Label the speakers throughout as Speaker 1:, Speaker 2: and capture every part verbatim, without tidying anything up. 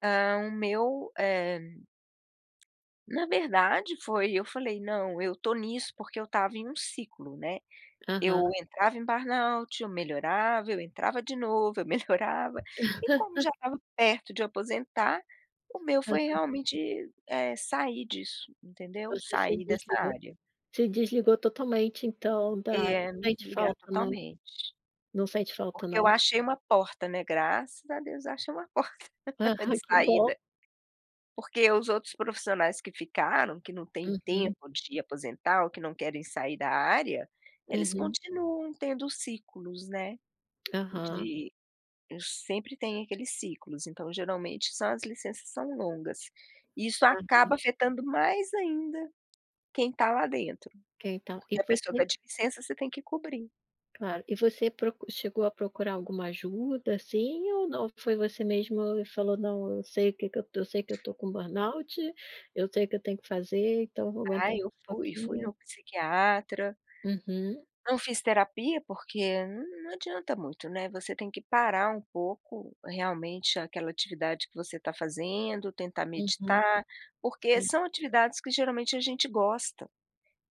Speaker 1: Ah, o meu, eh na verdade, foi, eu falei: "Não, eu estou nisso, porque eu estava em um ciclo", né.
Speaker 2: Aham.
Speaker 1: Eu entrava em burnout, eu melhorava, eu entrava de novo, eu melhorava, e como já estava perto de aposentar, o meu foi,
Speaker 2: Aham.
Speaker 1: realmente, eh, sair disso, entendeu?
Speaker 2: Você se
Speaker 1: Sair dessa
Speaker 2: desligou
Speaker 1: área.
Speaker 2: se desligou totalmente então da área.
Speaker 1: É, me
Speaker 2: Sente
Speaker 1: desligar
Speaker 2: falta, não
Speaker 1: totalmente.
Speaker 2: Não sente falta,
Speaker 1: Porque eu
Speaker 2: não?
Speaker 1: achei uma porta, né, graças a Deus, eu achei uma porta
Speaker 2: Ah,
Speaker 1: de
Speaker 2: ai, que bom.
Speaker 1: saída. Porque os outros profissionais que ficaram, que não têm
Speaker 2: Uhum.
Speaker 1: tempo de aposentar ou que não querem sair da área, eles
Speaker 2: Uhum.
Speaker 1: continuam tendo ciclos, né,
Speaker 2: Aham.
Speaker 1: de sempre tem aqueles ciclos. Então, geralmente, são as licenças são longas, isso
Speaker 2: Ah, sim.
Speaker 1: acaba afetando mais ainda quem está lá dentro,
Speaker 2: Ok então, e
Speaker 1: porque a pessoa
Speaker 2: você
Speaker 1: pede licença, você tem que cobrir.
Speaker 2: Claro, e você proc chegou a procurar alguma ajuda, assim, ou não, foi você mesmo e falou: "Não, eu sei o que que eu eu sei que eu estou com burnout, eu sei o que eu tenho que fazer, então vou aguentar
Speaker 1: Ah,
Speaker 2: mais
Speaker 1: eu
Speaker 2: um
Speaker 1: fui, fui
Speaker 2: pouquinho"?
Speaker 1: no psiquiatra
Speaker 2: Uhum.
Speaker 1: não fiz terapia, porque não adianta muito, né, você tem que parar um pouco, realmente, aquela atividade que você está fazendo, tentar
Speaker 2: Uhum.
Speaker 1: meditar, porque
Speaker 2: Sim.
Speaker 1: são atividades que geralmente a gente gosta,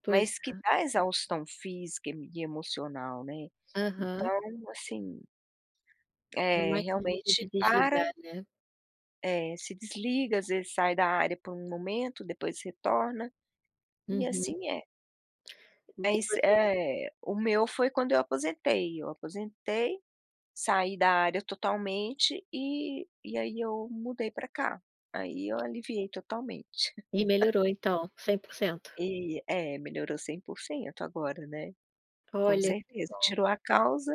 Speaker 2: Pois
Speaker 1: mas que
Speaker 2: é.
Speaker 1: dá exaustão física e me e emocional, né,
Speaker 2: Aham.
Speaker 1: então, assim
Speaker 2: É
Speaker 1: eh,
Speaker 2: mais difícil de
Speaker 1: realmente, para
Speaker 2: desligar, né.
Speaker 1: É, se desliga, às vezes, sai da área por um momento, depois retorna, e
Speaker 2: Uhum.
Speaker 1: assim é.
Speaker 2: E
Speaker 1: Mas,
Speaker 2: você
Speaker 1: eh, o meu foi quando eu aposentei, eu aposentei, saí da área totalmente e e aí eu mudei para cá, aí eu aliviei totalmente.
Speaker 2: E melhorou então, cem por cento?
Speaker 1: E é, melhorou cem por cento agora, né, com
Speaker 2: Olha, que
Speaker 1: certeza,
Speaker 2: bom.
Speaker 1: tirou a causa